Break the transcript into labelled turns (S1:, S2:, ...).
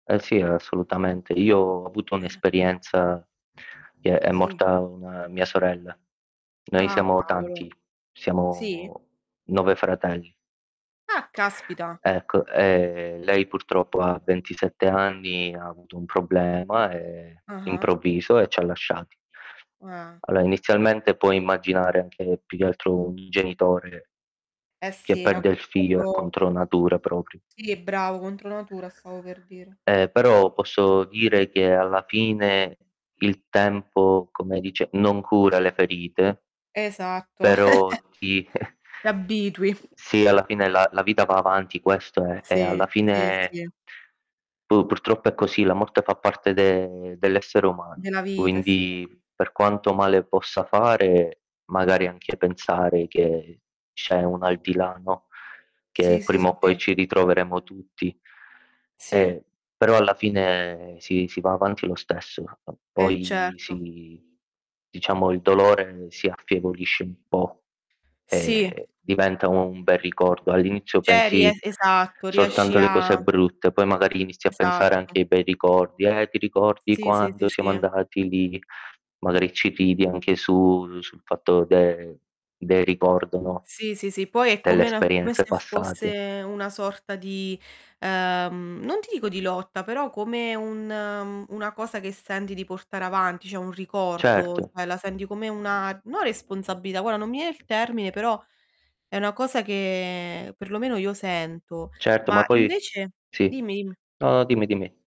S1: Eh sì, assolutamente. Io ho avuto
S2: Eh.
S1: un'esperienza che è
S2: Sì.
S1: morta 1 mia sorella. Noi
S2: Ah
S1: siamo
S2: cavolo.
S1: tanti,
S2: Sì?
S1: siamo 9 fratelli.
S2: Ah, caspita!
S1: Ecco, ehm, lei purtroppo a 27 anni, ha avuto un problema, ehm,
S2: Ah-ah.
S1: improvviso, e ci ha lasciati.
S2: Eh.
S1: Allora, inizialmente puoi immaginare anche, più che altro un genitore
S2: Eh,
S1: che
S2: sì, no
S1: perde il figlio, è
S2: proprio
S1: contro natura proprio.
S2: sì, bravo, contro natura stavo per dire.
S1: Eh però, posso dire che alla fine il tempo, come dice, non cura le ferite
S2: Esatto.
S1: però ti
S2: Ti abitui.
S1: Sì, alla fine la la vita va avanti, questo è. E
S2: Sì,
S1: alla
S2: sì,
S1: fine
S2: sì.
S1: pur purtroppo è così, la morte fa parte de dell'essere umano.
S2: Della vita sì.
S1: Quindi, per quanto male possa fare, magari anche pensare che c'è un aldilà no, che
S2: Sì, sì,
S1: prima
S2: sì,
S1: o poi
S2: sì.
S1: ci ritroveremo tutti.
S2: Sì.
S1: Eh però, alla fine sì, si va avanti lo stesso. Eh,
S2: E
S1: poi
S2: certo.
S1: si diciamo il dolore si affievolisce un po'
S2: Sì.
S1: e diventa un bel ricordo. All'inizio
S2: C'eri eh,
S1: pensi
S2: esatto, riesci
S1: soltanto alle cose
S2: a
S1: brutte, poi magari inizi a pensare anche
S2: Esatto.
S1: ai bei ricordi. Eh ti ricordi
S2: Sì, sì, sì,
S1: quando siamo
S2: sì.
S1: andati lì, magari ci ridi anche su sul fatto del del ricordo, no,
S2: Sì, sì, sì, poi è
S1: delle
S2: come una come se
S1: esperienze passate.
S2: fosse una sorta di, ehm, non ti dico di lotta, però come un mh, una cosa che senti di portare avanti, cioè un ricordo,
S1: Certo.
S2: cioè la senti come una, no responsabilità, guarda non mi viene il termine, però è una cosa che per lo meno io sento.
S1: Certo,
S2: Ma
S1: ma poi
S2: invece
S1: sì.
S2: dimmi, dimmi.
S1: No, no dimmi, dimmi.